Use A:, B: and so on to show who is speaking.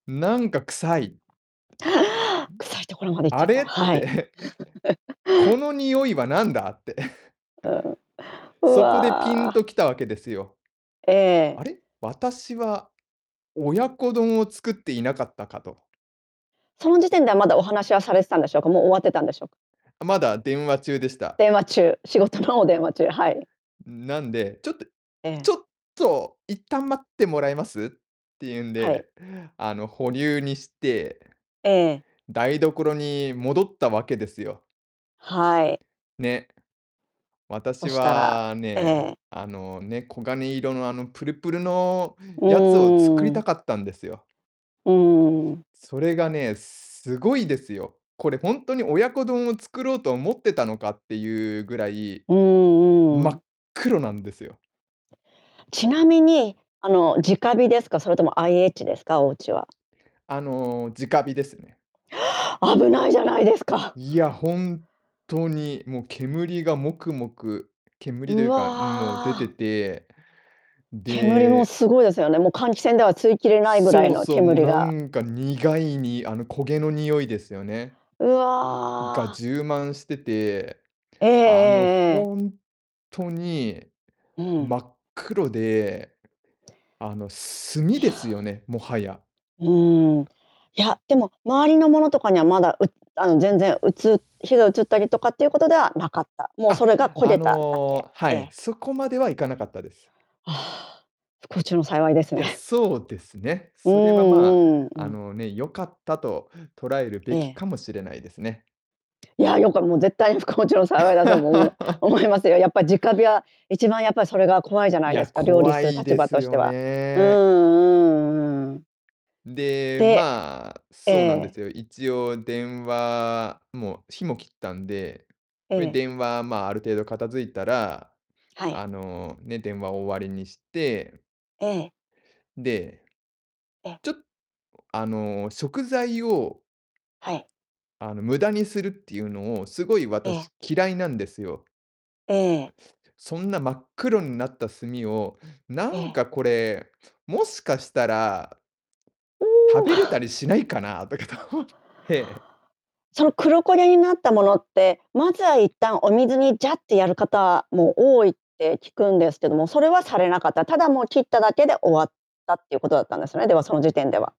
A: なんか臭い。ん。
B: 臭いところまで行っち
A: あ
B: ゃった、
A: れ？っ
B: はい。
A: て。この匂いは何だ、って。
B: うん。う
A: そこでピンと
B: わ。
A: きたわけですよ。
B: ええ。
A: 「あれ？私は、親子丼を作っていなかったか」と。
B: その時点では、まだお話はされてたんでしょうか、もう終わってたんでしょう
A: あ、まだ電話中でした。
B: 電話中。仕事の電話中。はい。
A: ん、なんで、「ちょっと、
B: え
A: ち
B: え。
A: ょっと一旦待ってもらえます？」っていうん
B: はい。
A: で、あの、保留にして
B: ええ。
A: 台所に戻ったわけですよ。
B: はい。
A: ね。
B: そ
A: 私
B: したら、
A: は
B: え
A: ね、
B: え。
A: あの、ね、黄金色の、あの、プルプルの
B: う
A: やつを作り
B: ー
A: た
B: ん。
A: かったんですよ。
B: うーん。
A: それがね、すごいですよ。これ、ほんとに親子丼を作ろうと思ってたのか、っていうぐらい、
B: うーん、
A: 真
B: うん。
A: っ黒なんですよ。
B: ちなみに、あの、直火ですか、それとも IH ですか、おうちは。
A: あの、直火ですね。
B: 危ないじゃないですか。
A: いや、ほんとに、もう、煙がもくもく煙とい
B: う
A: うか、うん、もう出て
B: わ。
A: て、
B: 煙も
A: で
B: すごいですよね。もう、換気扇では吸いきれないぐらい
A: そう
B: の
A: そう、もう、
B: 煙
A: な
B: が
A: んか苦いにあの、焦げの匂いですよね。
B: う
A: が、
B: わ。
A: 充満してて、
B: えええ
A: あの、
B: えええ。
A: ほんとに
B: うん。
A: 真っ黒で、あの、炭
B: い
A: ですよ
B: や。
A: ね、もはや。
B: うーん。いや、でも、周りのものとかには、まだ、うあの、全然、うつ火が移ったりとかっていうことではなかった。もうそ
A: あ！
B: れが、焦
A: あ
B: げただけ。
A: の、は
B: え
A: い、
B: え。
A: そこまでは行かなかったです。
B: ああ、不幸中の幸いです
A: いや、
B: ね。
A: そうですね。
B: う
A: それは、ま
B: ん
A: あ、
B: うんう
A: あ
B: ん。
A: の、ね、良かったと捉える
B: え
A: べき
B: え。
A: かもしれないですね。
B: いや、よこれ、もう、絶対、不幸中の幸いだと思いま思いますよ。やっぱ、直火 は、一番やっぱり、それが怖いじゃな
A: い
B: いで
A: や、
B: すか、料理
A: 怖
B: する
A: い
B: 立
A: で
B: 場
A: す
B: として
A: よ
B: は。うん
A: ね。
B: うんうん。
A: で、
B: で
A: まあ、
B: え
A: そうなんで
B: え。
A: すよ。一応電話もう、火も切ったんで。うえ
B: ええ。
A: 電話、まあ、ある程度片付いたら、
B: はい。
A: あの、ね、電話を終わりにして
B: ええ。
A: で
B: ええ。
A: ちょっあの、食材を
B: はい。
A: あの、無駄にするっていうのを、すごい、
B: ええ。
A: 私、嫌いなんですよ。
B: ええ。
A: そんな、真っ黒んなった炭を、な
B: え
A: ん
B: え。
A: かこれ、もしかしたら
B: お
A: 食
B: お。
A: べれた りしないかな、とかと思って
B: その、黒焦げになったものって、まずは、一旦お水にジャってやる方も多いって聞くんですけども、それはされなかった、ただ、もう切っただけで終わった、っていうことだったんですね、では、その時点では。